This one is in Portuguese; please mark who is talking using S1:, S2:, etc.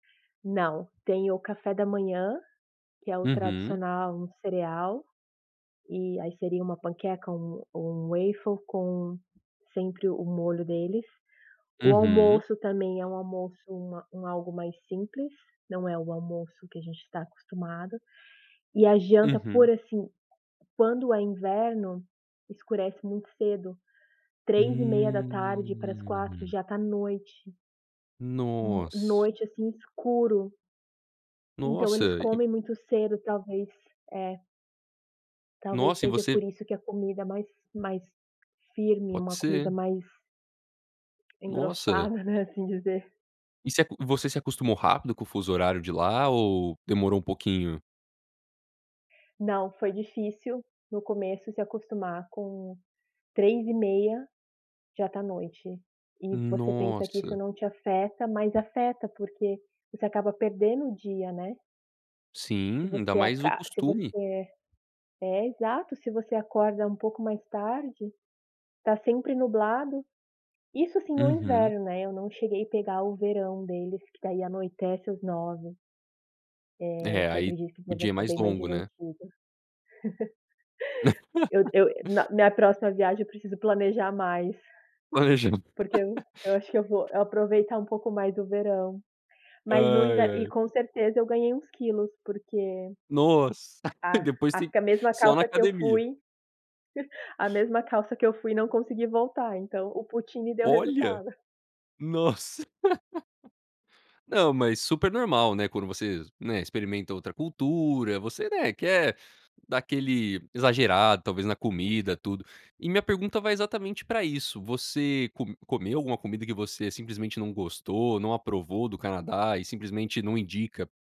S1: Não, tem o café da manhã, que é o
S2: Uhum.
S1: tradicional cereal, e aí seria uma panqueca ou um ou um waffle com sempre o molho deles. O
S2: Uhum.
S1: almoço também, é um almoço, uma um algo mais simples, não é o almoço que a gente está acostumado. E a janta, por
S2: Uhum.
S1: assim, quando é inverno, escurece muito cedo. 15h30 para as 4
S2: Hum.
S1: já está noite. N
S2: Nossa.
S1: noite, assim, escuro. Então eles
S2: Nossa, e
S1: comem muito cedo, talvez. É. Talvez
S2: Nossa, e
S1: seja por
S2: você
S1: isso que a comida mais mais firme,
S2: Pode
S1: uma comida
S2: ser.
S1: mais
S2: Nossa.
S1: engrossada, né, assim dizer.
S2: E você ac você se acostumou rápido com o fuso horário de lá ou demorou um pouquinho?
S1: Não, foi difícil no começo se acostumar com 15h30 já tá noite, e você pensa que isso
S2: Nossa.
S1: não te afeta, mas afeta, porque você acaba perdendo o dia, né. Se
S2: Sim, ainda
S1: você
S2: mais o
S1: aca se
S2: costume.
S1: você é, exato, se você acorda um pouco mais tarde, está sempre nublado. Isso sim, no
S2: Uhum.
S1: inverno, né, eu não cheguei pegar o verão deles, que daí anoitece às 21h. Eh,
S2: É,
S1: que eu
S2: aí
S1: acredito que
S2: o
S1: deva
S2: dia é
S1: ficar
S2: mais
S1: bem mais
S2: longo, né.
S1: divertido. Eu eu na minha próxima viagem, eu preciso planejar mais porque
S2: [unintelligible]
S1: eu eu acho que eu vou eu aproveitar um pouco mais do verão. Mas no
S2: Ai,
S1: inver e
S2: ai.
S1: com certeza eu ganhei uns quilos, porque
S2: Nossa.
S1: a
S2: Depois
S1: acho
S2: tem
S1: que a mesma
S2: só na
S1: calça que eu
S2: academia.
S1: fui a mesma calça que eu fui, não consegui voltar, então o poutine me deu
S2: Olha.
S1: resultado.
S2: Nossa! Não, mas super normal, né, quando vocês, né, experimenta outra cultura, você, né, quer dar aquele exagerado, talvez na comida, tudo. E minha pergunta vai exatamente para isso, você co comeu alguma comida que você simplesmente não gostou, não aprovou do Canadá, e simplesmente não indica?